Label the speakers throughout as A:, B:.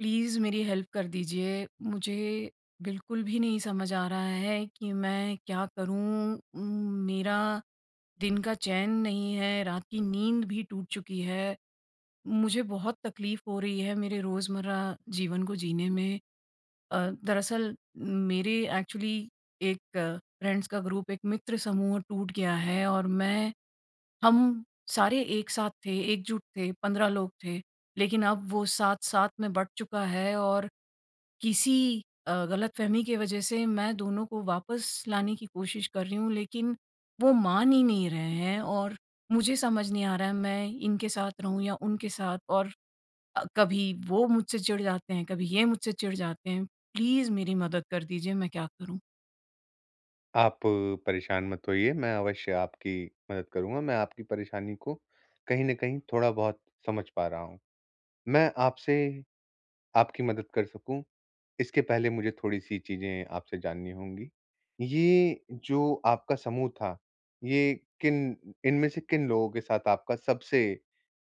A: Please मेरी help कर दीजिए, मुझे बिल्कुल भी नहीं समझ आ रहा है कि मैं क्या करूँ? उम, मेरा दिन का चैन नहीं है, रात की नींद भी टूट चुकी है। मुझे बहुत तकलीफ हो रही है मेरे रोजमर्रा जीवन को जीने में अ, दरअसल मेरे एक्चुअली एक फ्रेंड्स का ग्रुप एक मित्र समूह टूट गया है और मैं हम सारे एक साथ थे, एकजुट थे 15 लोग थे। लेकिन अब वो 7-7 में बँट चुका है और किसी अ, गलतफहमी की वजह से मैं दोनों को वापस लाने की कोशिश कर रही हूँ लेकिन वो मान ही नहीं रहे हैं और मुझे समझ नहीं आ रहा है मैं इनके साथ रहूँ या उनके साथ और अ, कभी वो मुझसे चिढ़ जाते हैं, कभी ये मुझसे चिढ़ जाते हैं। प्लीज मेरी मदद कर दीजिए, मैं क्या करूँ?
B: आप परेशान मत होइए मैं अवश्य आपकी मदद करूँगा, मैं आपकी परेशानी को कहीं न कहीं थोड़ा-बहुत समझ पा रहा हूँ। मैं आपसे आपकी मदद कर सकूँ, इसके पहले मुझे थोड़ी-सी चीज़ें आपसे जाननी होंगी। ये जो आपका समूह था, ये किन इनमें से किन लोगों के साथ आपका सबसे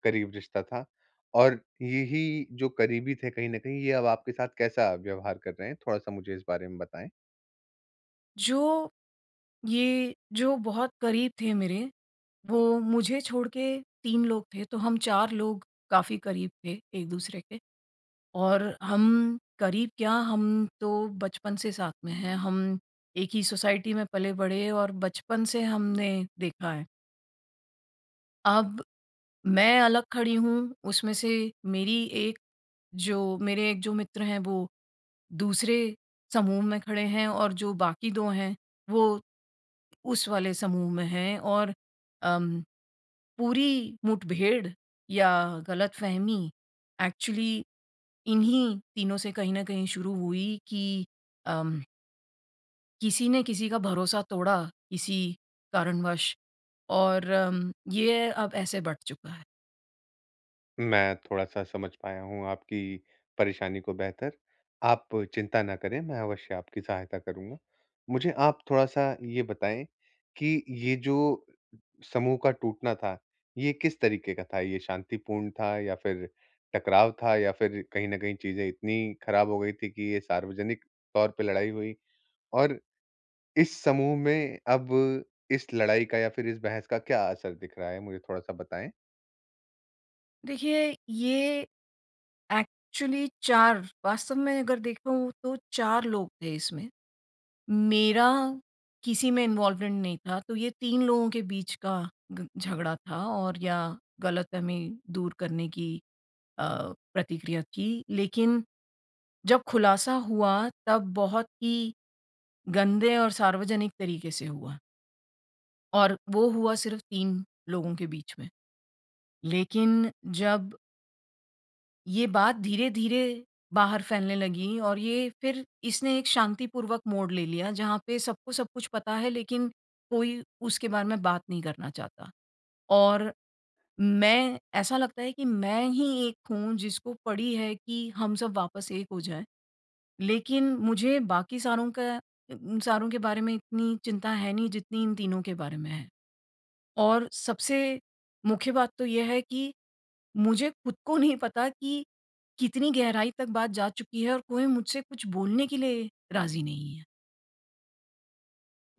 B: करीब रिश्ता था? और यही जो करीबी थे कहीं न कहीं ये अब आपके साथ कैसा व्यवहार कर रहे हैं? थोड़ा-सा मुझे इस बारे में बताएँ।
A: जो, ये जो बहुत करीब थे मेरे, वो मुझे छोड़ के 3 लोग थे, तो हम 4 लोग काफ़ी करीब थे एक-दूसरे के और हम करीब क्या हम तो बचपन से साथ में हैं, हम एक ही सोसाइटी में पले-बढ़े और बचपन से हमने देखा है। अब मैं अलग खड़ी हूँ, उसमें से मेरी एक जो मेरे 1 जो मित्र हैं वो दूसरे समूह में खड़े हैं और जो बाकी 2 हैं, वो उस वाले समूह में हैं और अ, पूरी मुठभेड़ या गलतफहमी एक्चुअली इन्हीं तीनों से कहीं न कहीं शुरू हुई कि, अम किसी ने किसी का भरोसा तोड़ा, किसी कारणवश और अम, ये अब ऐसे बँट चुका है।
B: मैं थोड़ा-सा समझ पाया हूँ आपकी परेशानी को बेहतर, आप चिंता ना करें मैं अवश्य आपकी सहायता करूँगा। मुझे आप थोड़ा-सा ये बताएँ, कि ये जो समूह का टूटना था, ये किस तरीके का था, ये शांतिपूर्ण था या फिर टकराव था या फिर कहीं न कहीं चीज़ें इतनी खराब हो गई थी कि ये सार्वजनिक तौर पे लड़ाई हुई? और इस समूह में अब इस लड़ाई का या फिर इस बहस का क्या असर दिख रहा है मुझे थोड़ा-सा बताएँ?
A: देखिए ये एक्चुअली 4 वास्तव में अगर देखूँ तो 4 लोग थे इसमें। मेरा किसी में इन्वॉल्वमेंट नहीं था तो ये 3 लोगों के बीच का ग झगड़ा था और या गलतफहमी दूर करने की अ, प्रतिक्रिया थी। लेकिन जब खुलासा हुआ तब बहुत ही गंदे और सार्वजनिक तरीके से हुआ। और वो हुआ सिर्फ़ 3 लोगों के बीच में। लेकिन जब ये बात धीरे-धीरे बाहर फैलने लगी और ये फिर इसने एक शांतिपूर्वक मोड़ ले लिया जहाँ पे सबको सब कुछ पता है लेकिन कोई उसके बारे में बात नहीं करना चाहता। और मैं ऐसा लगता है कि मैं ही एक हूँ जिसको पड़ी है कि हम सब वापस एक हो जाए। लेकिन मुझे बाकी सारों का उम, सारों के बारे में इतनी चिंता है नहीं जितनी इन तीनों के बारे में है। और सबसे मुख्य बात तो ये है कि मुझे खुद को नहीं पता कि कितनी गहराई तक बात जा चुकी है और कोई मुझसे कुछ बोलने के लिए राज़ी नहीं है।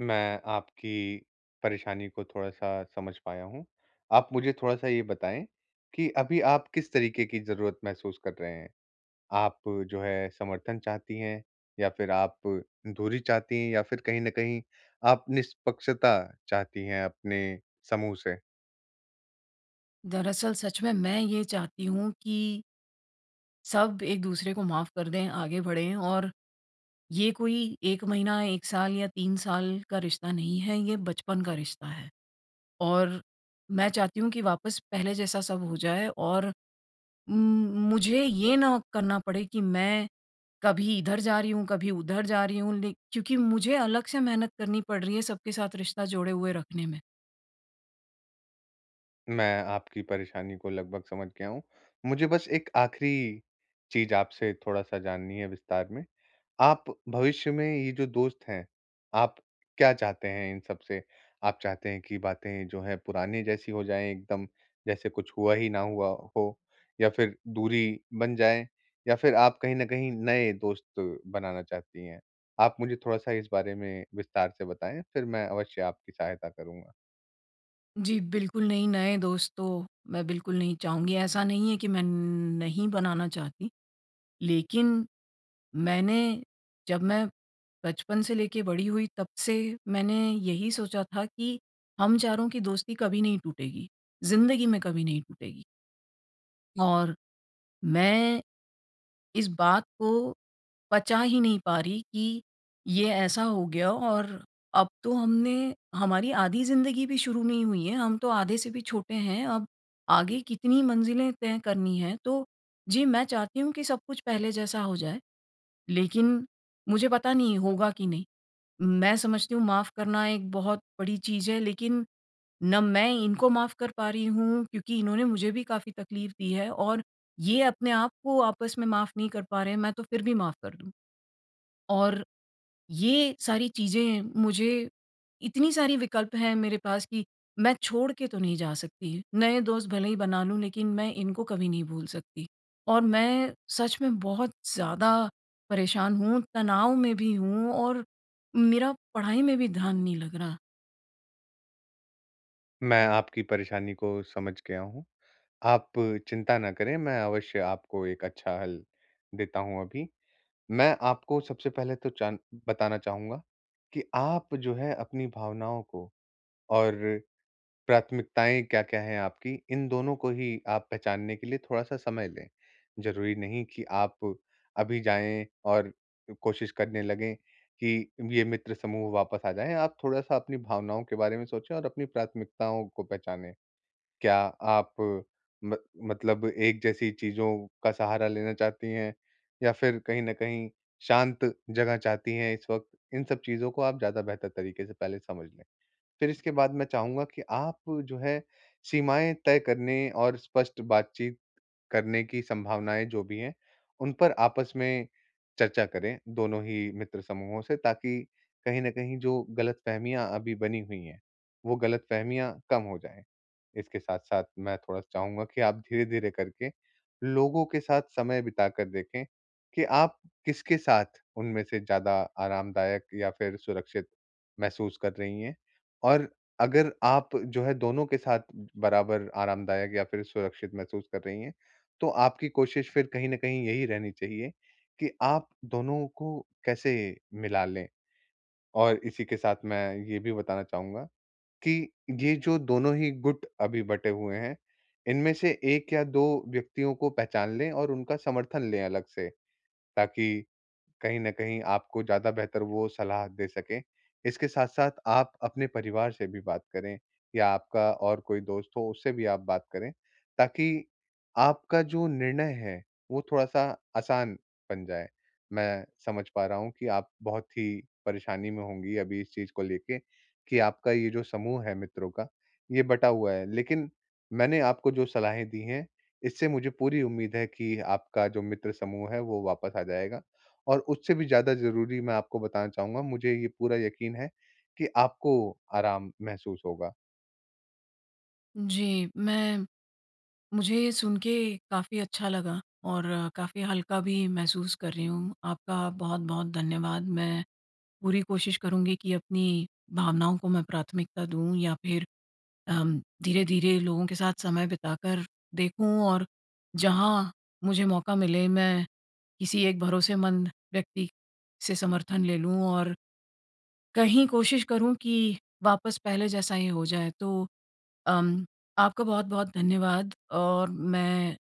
B: मैं आपकी परेशानी को थोड़ा-सा समझ पाया हूँ, आप मुझे थोड़ा-सा ये बताएँ कि अभी आप किस तरीके की ज़रूरत महसूस कर रहे हैं? आप जो है समर्थन चाहती हैं या फिर आप दूरी चाहती हैं या फिर कहीं न कहीं आप निष्पक्षता चाहती हैं अपने समूह से?
A: दरअसल सच में मैं ये चाहती हूँ कि सब एक-दूसरे को माफ़ कर दें, आगे बढ़ें और ये कोई 1 महीना, 1 साल या 3 साल का रिश्ता नहीं है ये बचपन का रिश्ता है और मैं चाहती हूँ कि वापस पहले जैसा सब हो जाए और उम, मुझे ये ना करना पड़े कि मैं कभी इधर जा रही हूँ, कभी उधर जा रही हूँ लेक क्योंकि मुझे अलग से मेहनत करनी पड़ रही है सबके साथ रिश्ता जोड़े हुए रखने में।
B: मैं आपकी परेशानी को लगभग समझ गया हूँ, मुझे बस एक आख़िरी चीज़ आपसे थोड़ा-सा जाननी है विस्तार में, आप भविष्य में ये जो दोस्त हैं, आप क्या चाहते हैं इन सब से? आप चाहते हैं कि बातें जो है पुराने जैसी हो जाएँ एकदम जैसे कुछ हुआ ही ना हुआ हो या फिर दूरी बन जाए या फिर आप कहीं न कहीं नए दोस्त बनाना चाहती हैं? आप मुझे थोड़ा-सा इस बारे में विस्तार से बताएँ, फिर मैं अवश्य आपकी सहायता करूँ।
A: जी बिल्कुल नहीं, नए दोस्त तो मैं बिल्कुल नहीं चाहूँगी। ऐसा नहीं है कि मैं न नहीं बनाना चाहती। लेकिन मैंने जब मैं बचपन से लेके बड़ी हुई तब से मैंने यही सोचा था कि हम चारों की दोस्ती कभी नहीं टूटेगी, ज़िन्दगी में कभी नहीं टूटेगी। और मैं इस बात को पचा ही नहीं पा रही कि ये ऐसा हो गया। और अब तो हमने हमारी आधी ज़िन्दगी भी शुरू नहीं हुई है, हम तो आधे से भी छोटे हैं, अब आगे कितनी मंजिलें तय करनी है, तो जी, मैं चाहती हूँ कि सब कुछ पहले जैसा हो जाए। लेकिन मुझे पता नहीं होगा कि नहीं। मैं समझती हूँ माफ़ करना एक बहुत बड़ी चीज़ है लेकिन ना मैं इनको माफ़ कर पा रही हूँ क्योंकि इन्होंने मुझे भी काफ़ी तकलीफ़ दी है और ये अपने आपको आपस में माफ़ नहीं कर पा रहे हैं मैं तो फिर भी माफ कर दूँ। और ये सारी चीज़ें मुझे इतनी सारी विकल्प हैं मेरे पास कि मैं छोड़ के तो नहीं जा सकती। नए दोस्त भले ही बना लूँ लेकिन मैं इनको कभी नहीं भूल सकती। और मैं सच में बहुत ज़्यादा परेशान हूँ तनाव में भी हूँ और मेरा पढ़ाई में भी ध्यान नहीं लग रहा।
B: मैं आपकी परेशानी को समझ गया हूँ, आप चिंता ना करें मैं अवश्य आपको एक अच्छा हल देता हूँ अभी। मैं आपको सबसे पहले तो जान बताना चाहूँगा, कि आप जो है अपनी भावनाओं को और प्राथमिकताएँ क्या-क्या है आपकी? इन दोनों को ही आप पहचानने के लिए थोड़ा-सा समय लें। ज़रूरी नहीं कि आप अभी जाएँ और अ, कोशिश करने लगे कि ये मित्र समूह वापस आ जाए, आप थोड़ा-सा अपनी भावनाओं के बारे में सोचे और अपनी प्राथमिकताओं को पहचानें। क्या आप म मतलब एक जैसी चीज़ों का सहारा लेना चाहती हैं, या फिर कहीं न कहीं शांत जगह चाहती हैं इस वक़्त, इन सब चीज़ को आप ज़्यादा बेहतर तरीके से पहले समझ लें। फिर इसके बाद मैं चाहूँगा कि आप जो है, सीमाएँ तय करने और स्पष्ट बातचीत करने की संभावनाएँ जो भी हैं, उन पर आपस में चर्चा करें, दोनों ही मित्र समूहों से ताकि कहीं न कहीं जो गलतफहमियाँ अभी बनी हुई हैं, वो गलतफहमियाँ कम हो जाए। इसके साथ-साथ मैं थोड़ा-सा चाहूँगा कि आप धीरे-धीरे करके लोगों के साथ समय बिताकर देखें, कि आप किसके साथ उनमें से ज़्यादा आरामदायक या फिर सुरक्षित महसूस कर रही हैं। और अगर आप जो है दोनों के साथ बराबर आरामदायक या फिर सुरक्षित महसूस कर रही हैं, तो आपकी कोशिश फिर कहीं न कहीं यही रहनी चाहिए, कि आप दोनों को कैसे मिला लें। और इसी के साथ मैं ये भी बताना चाहूँगा कि ये जो दोनों ही गुट अभी बटे हुए हैं, इनमें से 1 या 2 व्यक्तियों को पहचान लें और उनका समर्थन ले अलग से, ताकि कहीं न कहीं आपको ज़्यादा बेहतर वो सलाह दे सकें। इसके साथ-साथ आप अपने परिवार से भी बात करें या आपका और कोई दोस्त हो उससे भी आप बात करें, ताकि आपका जो निर्णय है, वो थोड़ा-सा आसान बन जाए। मैं समझ पा रहा हूँ कि आप बहुत ही परेशानी में होंगी अभी इस चीज़ को लेके कि आपका ये जो समूह है मित्रों का, ये बटा हुआ है, लेकिन मैंने आपको जो सलाहें दी हैं, इससे मुझे पूरी उम्मीद है कि आपका जो मित्र समूह है वो वापस आ जाएगा। और उससे भी ज़्यादा ज़रूरी मैं आपको बताना चाहूँगा, मुझे ये पूरा यकीन है, कि आपको आराम महसूस होगा।
A: जी, मैं मुझे ये सुन के काफ़ी अच्छा लगा और काफ़ी हल्का भी महसूस कर रही हूँ, आपका बहुत-बहुत धन्यवाद। मैं पूरी कोशिश करुँगी कि अपनी भावनाओं को मैं प्राथमिकता दूँ या फिर अम, धीरे-धीरे लोगों के साथ समय बिताकर देखूँ और जहाँ मुझे मौका मिले, मैं किसी एक भरोसेमंद व्यक्ति से समर्थन ले लूँ। और कहीं कोशिश करूँ कि वापस पहले जैसा ये हो जाए, तो अम, आपका बहुत-बहुत धन्यवाद और मैं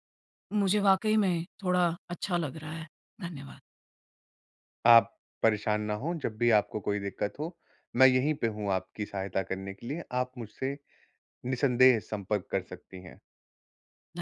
A: मुझे वाक़ई में थोड़ा अच्छा लग रहा है। धन्यवाद।
B: आप परेशान ना हो, जब भी आपको कोई दिक्कत हो, मैं यहीं पे हूँ आपकी सहायता करने के लिए, आप मुझसे निसंदेह संपर्क कर सकती हैं।
A: ध